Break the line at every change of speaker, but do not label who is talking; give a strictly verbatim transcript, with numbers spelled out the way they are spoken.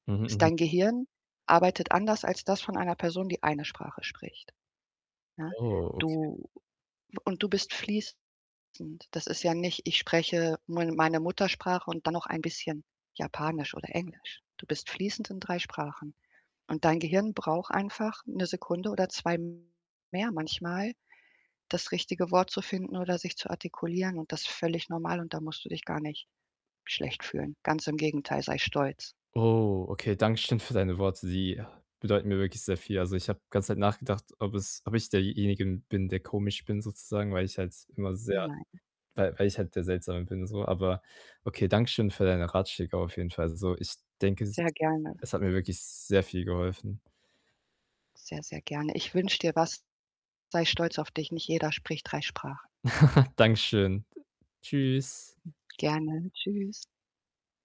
Mhm,
Ist
mhm.
dein Gehirn arbeitet anders als das von einer Person, die eine Sprache spricht, ja?
Oh, okay.
Du und du bist fließend. Das ist ja nicht ich spreche [unintelligible] meine Muttersprache und dann noch ein bisschen Japanisch oder Englisch. Du bist fließend in drei Sprachen. Und dein Gehirn braucht einfach 'ne Sekunde oder zwei mehr manchmal, das richtige Wort zu finden oder sich zu artikulieren und das völlig normal und da musst du dich gar nicht schlecht fühlen. Ganz im Gegenteil, sei stolz.
Oh, okay, danke schön für deine Worte. Die bedeuten mir wirklich sehr viel. Also, ich habe ganze Zeit nachgedacht, ob es ob ich derjenige bin, der komisch bin sozusagen, weil ich halt immer sehr
Nein.
weil weil ich halt der Seltsame bin so. Aber okay, danke schön für deine Ratschläge auf jeden Fall so. Ich denke, es ist
Sehr gerne.
es hat mir wirklich sehr viel geholfen.
Sehr, sehr gerne. Ich wünsche dir was, sei stolz auf dich, nicht jeder spricht drei Sprachen.
Danke schön. D Tschüss.
Gerne, tschüss.